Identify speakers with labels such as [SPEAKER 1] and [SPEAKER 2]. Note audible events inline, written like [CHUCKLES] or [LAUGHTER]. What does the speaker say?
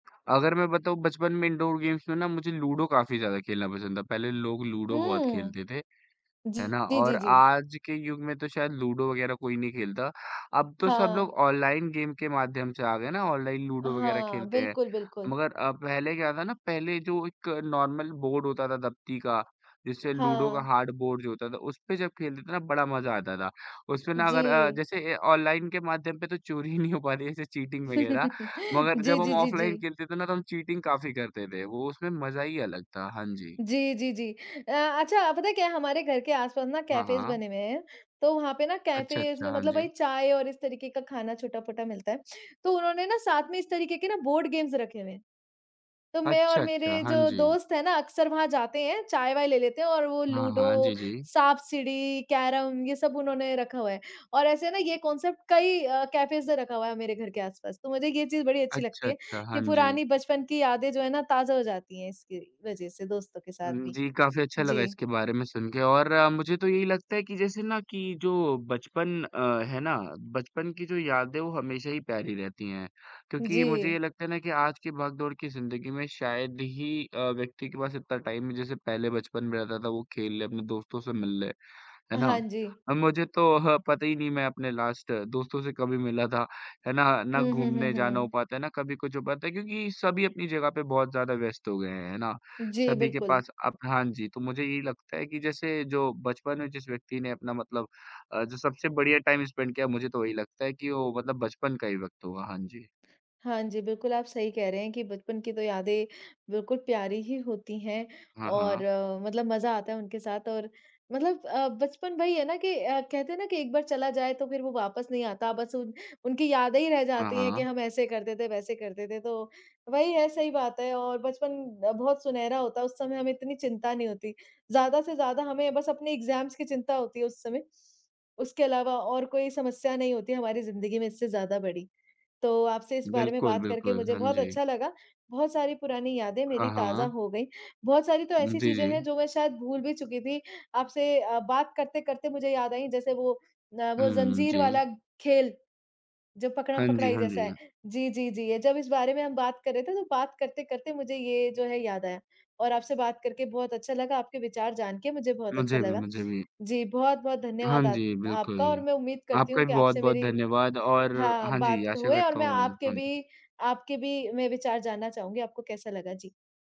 [SPEAKER 1] अगर मैं बताऊँ बचपन में इंडोर गेम्स में ना मुझे लूडो काफ़ी ज़्यादा खेलना पसंद था, पहले लोग लूडो बहुत
[SPEAKER 2] हुँ।
[SPEAKER 1] खेलते थे
[SPEAKER 2] जी,
[SPEAKER 1] है ना?
[SPEAKER 2] जी,
[SPEAKER 1] और
[SPEAKER 2] जी, जी।
[SPEAKER 1] आज के युग में तो शायद लूडो वग़ैरह कोई नहीं खेलता अब तो सब
[SPEAKER 2] हाँ।
[SPEAKER 1] लोग ऑनलाइन गेम के माध्यम से आ गए ना, ऑनलाइन लूडो वग़ैरह
[SPEAKER 2] हाँ,
[SPEAKER 1] खेलते हैं
[SPEAKER 2] बिल्कुल, बिल्कुल।
[SPEAKER 1] मगर अ, पहले क्या था ना पहले जो एक नॉर्मल बोर्ड होता था, दबती का जिससे लूडो का
[SPEAKER 2] हाँ।
[SPEAKER 1] हार्ड बोर्ड जो होता था उसपे जब खेलते थे ना बड़ा मज़ा आता था। उसमें ना अगर अ,
[SPEAKER 2] जी।
[SPEAKER 1] जैसे अ, ऑनलाइन के माध्यम पे तो चोरी ही नहीं हो पाती जैसे चीटिंग वग़ैरह
[SPEAKER 2] [CHUCKLES]
[SPEAKER 1] मगर
[SPEAKER 2] जी,
[SPEAKER 1] जब हम
[SPEAKER 2] जी, जी,
[SPEAKER 1] ऑफलाइन
[SPEAKER 2] जी।
[SPEAKER 1] खेलते थे ना तो हम चीटिंग काफ़ी करते थे, वो उसमें मज़ा ही अलग था। हाँ जी।
[SPEAKER 2] जी, जी, जी। अ, अच्छा पता है क्या हमारे घर के आस-पास ना
[SPEAKER 1] हाँ,
[SPEAKER 2] कैफेस
[SPEAKER 1] हाँ।
[SPEAKER 2] बने हुए हैं, तो वहाँ पे ना
[SPEAKER 1] अच्छा,
[SPEAKER 2] कैफेस
[SPEAKER 1] अच्छा,
[SPEAKER 2] में
[SPEAKER 1] हाँ
[SPEAKER 2] मतलब वही
[SPEAKER 1] जी।
[SPEAKER 2] चाय और इस तरीके का खाना छोटा-पोटा मिलता है। तो उन्होंने ना साथ में इस तरीके के ना बोर्ड गेम्स रखे हुए हैं। तो मैं
[SPEAKER 1] अच्छा,
[SPEAKER 2] और
[SPEAKER 1] अच्छा,
[SPEAKER 2] मेरे
[SPEAKER 1] हाँ
[SPEAKER 2] जो
[SPEAKER 1] जी।
[SPEAKER 2] दोस्त है ना अक्सर वहाँ जाते हैं, चाय-वाय ले लेते हैं और वो
[SPEAKER 1] हाँ, हाँ। जी,
[SPEAKER 2] लूडो,
[SPEAKER 1] जी।
[SPEAKER 2] साँप-सीढ़ी, कैरम ये सब उन्होंने रखा हुआ है और ऐसे है ना ये कांसेप्ट कई अ, कैफेस से रखा हुआ है मेरे घर के आस-पास। तो मुझे ये चीज़ बड़ी अच्छी
[SPEAKER 1] अच्छा,
[SPEAKER 2] लगती है
[SPEAKER 1] अच्छा।
[SPEAKER 2] कि
[SPEAKER 1] हाँ जी।
[SPEAKER 2] पुरानी बचपन की यादें जो है ना, ताज़ा हो जाती है इसकी वज़ह से दोस्तों के साथ
[SPEAKER 1] हुँ,
[SPEAKER 2] भी।
[SPEAKER 1] जी, काफ़ी अच्छा लगा
[SPEAKER 2] जी।
[SPEAKER 1] इसके बारे में सुन के और मुझे तो यही लगता है कि जैसे ना कि जो बचपन अ, है ना बचपन की जो यादें हैं, वो हमेशा ही प्यारी रहती हैं, क्योंकि मुझे ये
[SPEAKER 2] जी।
[SPEAKER 1] लगता है ना कि आज की भाग-दौड़ की ज़िंदगी में शायद ही अ, व्यक्ति के पास इतना टाइम है, जैसे पहले बचपन में रहता था, वो खेल ले, अपने दोस्तों से मिल ले, है ना?
[SPEAKER 2] हाँ जी।
[SPEAKER 1] अब मुझे तो ह पता ही नहीं मैं अपने लास्ट दोस्तों से कभी मिला था, है ना, ना
[SPEAKER 2] हुँ, हुँ, हुँ,
[SPEAKER 1] घूमने जाना हो
[SPEAKER 2] हुँ।
[SPEAKER 1] पाता है, ना कभी कुछ हो पाता है क्योंकि सभी अपनी जगह पे बहुत ज़्यादा व्यस्त हो गए हैं। है ना?
[SPEAKER 2] जी,
[SPEAKER 1] सभी के
[SPEAKER 2] बिल्कुल।
[SPEAKER 1] पास अब हाँ जी, तो मुझे यही लगता है कि जैसे जो बचपन में जिस व्यक्ति ने अपना मतलब अ, जो सबसे बढ़िया टाइम स्पेंड किया है, मुझे तो यही लगता है कि वो मतलब बचपन का ही वक़्त होगा। हाँ जी।
[SPEAKER 2] हाँ जी, बिल्कुल आप सही कह रहे हैं कि बचपन की तो यादें बिल्कुल प्यारी ही होती हैं
[SPEAKER 1] हाँ,
[SPEAKER 2] और
[SPEAKER 1] हाँ।
[SPEAKER 2] मतलब मज़ा आता है उनके साथ और मतलब अ, बचपन वही है ना कि अ, कहते हैं ना कि एक बार चला जाए तो फिर वो वापस नहीं आता। बस उन उनकी यादें ही रह
[SPEAKER 1] हाँ,
[SPEAKER 2] जाती हैं
[SPEAKER 1] हाँ।
[SPEAKER 2] कि हम ऐसे करते थे, वैसे करते थे तो वही है, सही बात है और बचपन बहुत सुनहरा होता है, उस समय हमें इतनी चिंता नहीं होती। ज़्यादा से ज़्यादा हमें बस अपने एग्ज़ाम्स की चिंता होती है उस समय, उसके अलावा और कोई समस्या नहीं होती है हमारी ज़िंदगी में इससे ज़्यादा बड़ी। तो आपसे इस बारे में
[SPEAKER 1] बिल्कुल,
[SPEAKER 2] बात करके
[SPEAKER 1] बिल्कुल,
[SPEAKER 2] मुझे
[SPEAKER 1] हाँ
[SPEAKER 2] बहुत
[SPEAKER 1] जी।
[SPEAKER 2] अच्छा लगा, बहुत सारी पुरानी यादें मेरी
[SPEAKER 1] हाँ,
[SPEAKER 2] ताज़ा
[SPEAKER 1] हाँ।
[SPEAKER 2] हो गई, बहुत सारी तो
[SPEAKER 1] उम,
[SPEAKER 2] ऐसी
[SPEAKER 1] जी,
[SPEAKER 2] चीज़ें
[SPEAKER 1] जी।
[SPEAKER 2] हैं जो मैं शायद भूल भी चुकी थी, आपसे अ, बात करते-करते मुझे याद आई जैसे वो अ, वो
[SPEAKER 1] हुँ, हुँ।
[SPEAKER 2] ज़ंज़ीर
[SPEAKER 1] जी।
[SPEAKER 2] वाला खेल। जब
[SPEAKER 1] हाँ जी,
[SPEAKER 2] पकड़म-पकड़ाई
[SPEAKER 1] हाँ
[SPEAKER 2] जैसा
[SPEAKER 1] जी।
[SPEAKER 2] है जी, जी, जी। ये जब इस बारे में हम बात कर रहे थे तो बात करते-करते मुझे ये जो है याद आया और आपसे बात करके बहुत अच्छा लगा, आपके विचार जान के मुझे बहुत अच्छा
[SPEAKER 1] मुझे भी
[SPEAKER 2] लगा।
[SPEAKER 1] मुझे भी।
[SPEAKER 2] जी, बहुत-बहुत
[SPEAKER 1] हाँ
[SPEAKER 2] धन्यवाद आ
[SPEAKER 1] जी, बिल्कुल।
[SPEAKER 2] आपका और मैं उम्मीद करती
[SPEAKER 1] आपका
[SPEAKER 2] हूँ
[SPEAKER 1] भी
[SPEAKER 2] कि आपसे
[SPEAKER 1] बहुत-बहुत
[SPEAKER 2] मेरी
[SPEAKER 1] धन्यवाद और
[SPEAKER 2] हाँ,
[SPEAKER 1] हाँ जी,
[SPEAKER 2] बात क
[SPEAKER 1] आशा
[SPEAKER 2] हुए और
[SPEAKER 1] करता
[SPEAKER 2] मैं
[SPEAKER 1] हूँ
[SPEAKER 2] आपके
[SPEAKER 1] हाँ जी।
[SPEAKER 2] भी आपके भी मैं विचार जानना चाहूँगी आपको कैसा लगा, जी।